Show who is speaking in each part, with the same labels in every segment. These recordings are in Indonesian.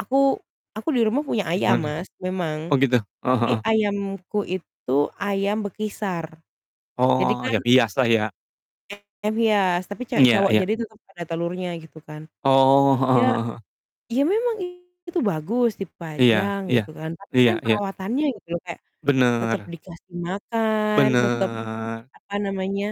Speaker 1: Aku aku di rumah punya ayam,
Speaker 2: Gimana?
Speaker 1: Mas, memang,
Speaker 2: Oh gitu, heeh
Speaker 1: tapi
Speaker 2: heeh.
Speaker 1: ayamku itu ayam bekisar. Jadi
Speaker 2: Oh,
Speaker 1: kan
Speaker 2: ya
Speaker 1: iya,
Speaker 2: biasa ya?
Speaker 1: ayam hias, tapi
Speaker 2: Iya
Speaker 1: cewek-cowok
Speaker 2: iya.
Speaker 1: jadi tetap ada telurnya gitu kan.
Speaker 2: Oh. Heeh
Speaker 1: Ya
Speaker 2: heeh heeh.
Speaker 1: ya memang itu bagus
Speaker 2: Iya
Speaker 1: dipajang
Speaker 2: iya.
Speaker 1: gitu kan, tapi
Speaker 2: Iya
Speaker 1: kan
Speaker 2: iya.
Speaker 1: perawatannya gitu loh, kayak tetap
Speaker 2: Bener.
Speaker 1: dikasih makan, tetap
Speaker 2: Bener.
Speaker 1: apa namanya,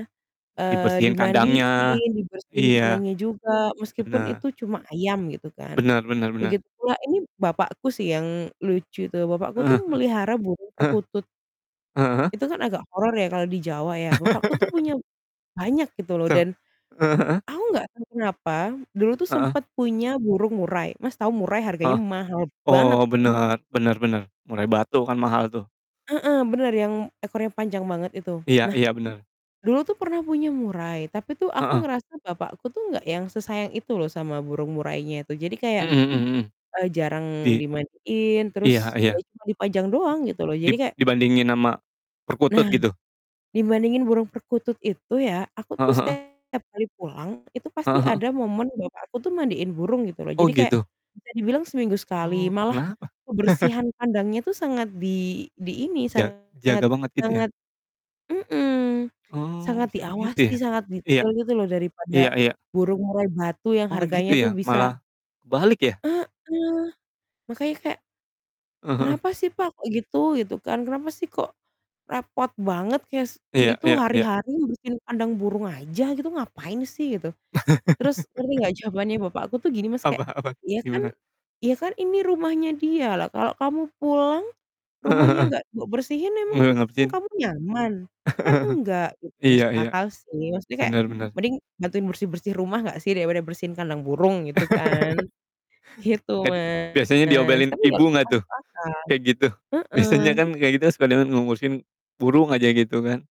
Speaker 1: eee,
Speaker 2: Dibersihin kandangnya?
Speaker 1: dimandiin, dibersihin
Speaker 2: Iya.
Speaker 1: kandangnya juga meskipun
Speaker 2: Benar.
Speaker 1: itu cuma ayam gitu kan.
Speaker 2: Benar benar benar.
Speaker 1: Begitu pula ini bapakku sih yang lucu itu. Bapakku tuh
Speaker 2: Heeh
Speaker 1: memelihara burung
Speaker 2: heeh.
Speaker 1: perkutut.
Speaker 2: Heeh. Heeh.
Speaker 1: Itu kan agak horor ya kalau di Jawa ya. Bapakku tuh punya banyak gitu loh
Speaker 2: Se
Speaker 1: dan
Speaker 2: heeh heeh?
Speaker 1: aku enggak tahu kenapa, dulu tuh
Speaker 2: Heeh.
Speaker 1: sempat punya burung murai. Mas, tahu murai harganya
Speaker 2: Heeh,
Speaker 1: mahal banget
Speaker 2: oh
Speaker 1: ya.
Speaker 2: bener, bener bener, murai batu kan mahal tuh.
Speaker 1: Heeh, bener yang ekornya panjang banget itu.
Speaker 2: Iya
Speaker 1: Nah,
Speaker 2: iya, bener.
Speaker 1: dulu tuh pernah punya murai, tapi tuh aku
Speaker 2: Heeh.
Speaker 1: ngerasa bapakku tuh enggak yang sesayang itu loh sama burung murainya itu. Jadi kayak,
Speaker 2: Mhm mhm mhm.
Speaker 1: eee, jarang
Speaker 2: Di
Speaker 1: dimandiin, terus
Speaker 2: iya
Speaker 1: ya
Speaker 2: iya.
Speaker 1: cuma dipajang doang gitu loh. Jadi
Speaker 2: Dib
Speaker 1: kayak
Speaker 2: dibandingin sama
Speaker 1: Nah,
Speaker 2: perkutut gitu?
Speaker 1: dibandingin burung perkutut itu ya, aku
Speaker 2: Heeh
Speaker 1: tuh
Speaker 2: heeh.
Speaker 1: setiap kali pulang, itu pasti
Speaker 2: Heeh heeh.
Speaker 1: ada momen bapakku tuh mandiin burung gitu loh.
Speaker 2: Oh,
Speaker 1: Jadi kayak
Speaker 2: gitu.
Speaker 1: bisa dibilang seminggu sekali,
Speaker 2: Oh,
Speaker 1: malah
Speaker 2: kenapa?
Speaker 1: kebersihan kandangnya itu sangat di di ini,
Speaker 2: Jag
Speaker 1: sangat
Speaker 2: jaga banget gitu ya?
Speaker 1: sangat mhm,
Speaker 2: Oh,
Speaker 1: sangat
Speaker 2: bisa begitu
Speaker 1: diawasi,
Speaker 2: ya?
Speaker 1: sangat
Speaker 2: Iya.
Speaker 1: detail gitu loh daripada
Speaker 2: Iya iya.
Speaker 1: burung murai batu yang
Speaker 2: Oh gitu
Speaker 1: harganya tuh
Speaker 2: ya,
Speaker 1: bisa
Speaker 2: malah balik ya?
Speaker 1: Heeh, makanya kayak,
Speaker 2: Heeh heeh.
Speaker 1: "Kenapa sih, Pak, kok gitu?" gitu kan. "Kenapa sih kok repot banget kayak s
Speaker 2: Iya
Speaker 1: itu
Speaker 2: iya iya.
Speaker 1: hari-hari ngebersihin kandang burung aja gitu ngapain sih gitu?" Terus ngerti enggak jawabannya bapakku tuh gini, Mas,
Speaker 2: Apa
Speaker 1: kayak,
Speaker 2: apa
Speaker 1: "Ya kan
Speaker 2: gimana?
Speaker 1: ya kan ini rumahnya dia, lah kalau kamu pulang
Speaker 2: Heeh
Speaker 1: rumahnya
Speaker 2: heeh.
Speaker 1: enggak be bersihin emang
Speaker 2: Nge ngebersihin?
Speaker 1: kamu nyaman? Kan enggak," gitu.
Speaker 2: Iya
Speaker 1: Masuk
Speaker 2: iya.
Speaker 1: akal sih. Maksudnya kayak
Speaker 2: Benar benar.
Speaker 1: mending bantuin bersih-bersih rumah enggak sih daripada bersihin kandang burung, gitu kan. Gitu,
Speaker 2: Tadi biasanya
Speaker 1: Mas,
Speaker 2: diomelin
Speaker 1: tapi ya
Speaker 2: ibu nggak tuh,
Speaker 1: masuk akal,
Speaker 2: kayak gitu? Biasanya
Speaker 1: heeh.
Speaker 2: kan kayak gitu sekalian ngu ngurusin burung aja gitu kan?